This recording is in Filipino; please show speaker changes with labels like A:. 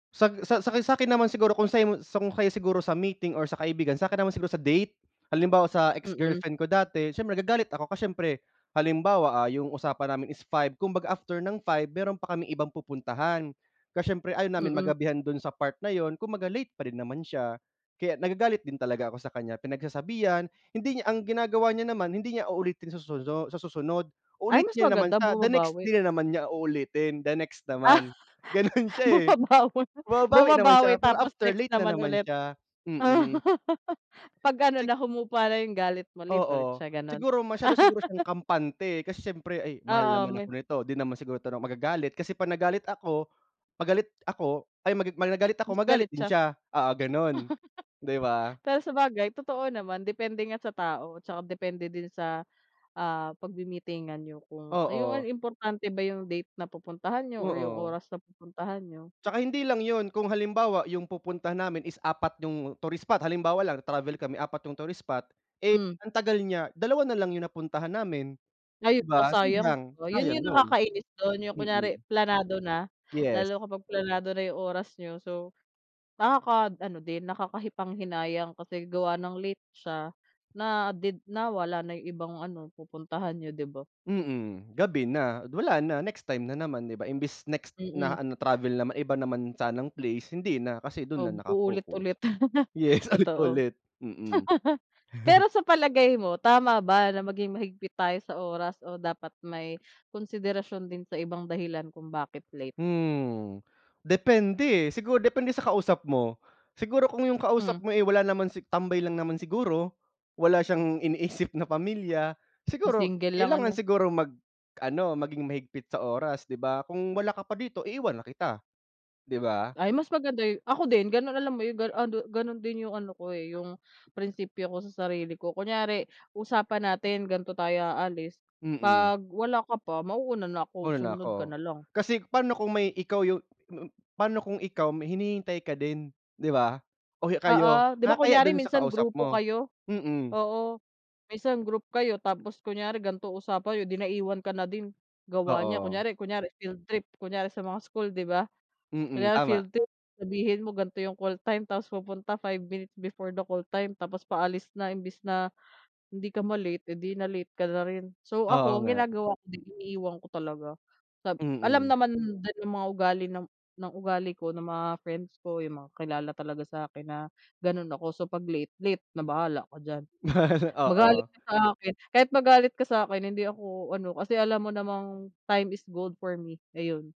A: Sag sa saki sa'kin naman siguro kung sa'yo sa kung kayo siguro sa meeting or sa kaibigan sa'kin naman siguro sa date. Halimbawa sa
B: Mm.
A: ex-girlfriend ko dati siyempre nagagalit ako ka siyempre, halimbawa, ah, 'yung usapan namin is 5, kumbaga after ng 5 meron pa kaming ibang pupuntahan. Ka siyempre ayaw namin
B: Mm.
A: magabihan do'n sa part na 'yun kumbaga late parin pa rin naman siya. Kaya nagagalit din talaga ako sa kaniya, pinagsasabihan, hindi niya ang ginagawa niya naman hindi niya uulitin sasuno sa susunod,
B: Ay,
A: uulit
B: mas
A: niya na naman
B: maganda
A: sa the next
B: bumabawi.
A: day na naman niya uulitin, the next
B: Ah,
A: naman. Gano'n siya, eh,
B: bumabawi
A: bumababawi naman
B: bumabawi
A: siya pero
B: tapos
A: after
B: next
A: late na
B: naman
A: naman
B: ulit.
A: siya, mm.
B: Pag-ano
A: Sik
B: na, humupa na 'yung galit mo, ulit ulit
A: Oo,
B: siya gano'n.
A: siguro masyado siguro siyang kampante, kasi siyempre ay mahal
B: Oo,
A: naman ako
B: may
A: nito, 'di naman siguro 'to 'no, magagalit kasi pag nagalit ako pag galit ako ay maga magagalit ako
B: Mas
A: magalit
B: galit
A: din
B: siya.
A: siya, oo, gano'n, 'di ba?
B: Pero sabagay totoo naman, depende nga sa tao, tsaka depende din sa, ah, pagmi-meetingan niyo, kung ayun ano
A: Oo.
B: importante ba 'yung date na pupuntahan niyo o 'yung
A: Oo.
B: oras na pupuntahan niyo.
A: Tsaka hindi lang 'yun kung halimbawa 'yung pupuntahan namin is 4 'yung tourist spot, halimbawa lang travel kami 4 tourist spot, eh,
B: Hmm.
A: ang tagal niya, dalawa nalang 'yung napuntahan namin
B: Ay,
A: 'di
B: oh,
A: ba,
B: sayang
A: sayang
B: oh, 'yun
A: sayang
B: 'yung
A: 'yun.
B: nakakainis do'n, 'yung kunwari
A: Mm.
B: planado na,
A: Yes.
B: lalo kapag planado na 'yung oras niyo, so nakaka-ano din nakakapanghinayang kasi gawa ng late siya na did nawala na 'yung ibang ano, pupuntahan niyo, 'di ba?
A: Mm, gabi na, wala na, next time na naman 'di ba, imbes next
B: Mm.
A: na ano travel naman iba naman sanang place hindi na, kasi do'n na
B: Ob
A: naka-focus.
B: uulit-ulit,
A: Yes,
B: totoo.
A: ulit-ulit, mm.
B: Pero sa palagay mo, tama ba na maging mahigpit tayo sa oras o dapat may konsiderasyon din sa ibang dahilan kung bakit late?
A: Hmm, depende, eh. Siguro depende sa kausap mo. Siguro kung 'yung
B: Hmm.
A: kausap mo, eh, wala naman si tambay lang naman siguro, wala siyang iniisip na pamilya.
B: 'Yung
A: Siguro
B: single lang,
A: kailangan
B: ano.
A: siguro mag-ano maging mahigpit sa oras 'di ba, "kung wala ka pa dito, iiwan na kita," 'di ba?
B: Ay, mas maganda yu ako din, gano'n alam mo 'yun, ganu ano gano'n din 'yung ano ko, eh, 'yung prinsipyo ko sa sarili ko, kunyari usapan natin gan'to tayo aalis,
A: Mm.
B: pag wala ka pa, mauna na ako
A: Una na
B: sumunod ka
A: ako,
B: nalang.
A: kasi pa'no kung may ikaw 'yung m pa'no kung ikaw may hinihintay ka din 'di ba o kayo
B: Oo. 'Di ba
A: nakakahiya
B: kunyari
A: do'n sa
B: minsan
A: kausap
B: grupo
A: mo,
B: kayo.
A: mm.
B: Oo, minsan group kayo tapos kunyari gan'to usapan niyo di naiwan ka na din, gawa niya,
A: Oo.
B: kunyari kunyari field trip, kunyari sa mga school 'di ba.
A: Mm,
B: Kunyari
A: tama.
B: field trip sabihin mo gan'to 'yung call time tapos pupunta 5 minutes before the call time tapos paalis na imbes na hindi ka ma-late, eh, di na-late ka na rin. So
A: Oo,
B: ako, ang
A: nga.
B: ginagawa ko iniiwan ko talaga, sab alam
A: Mm.
B: naman din ng mga ugali ng ugali ko ng mga friends ko 'yung kakilala talaga sa akin na gano'n ako so 'pag late, late na bahala ka diyan. Magalit
A: Oo.
B: ka sa akin kahit magalit ka sa'kin hindi ako ano kasi alam mo namang time is gold for me ayun.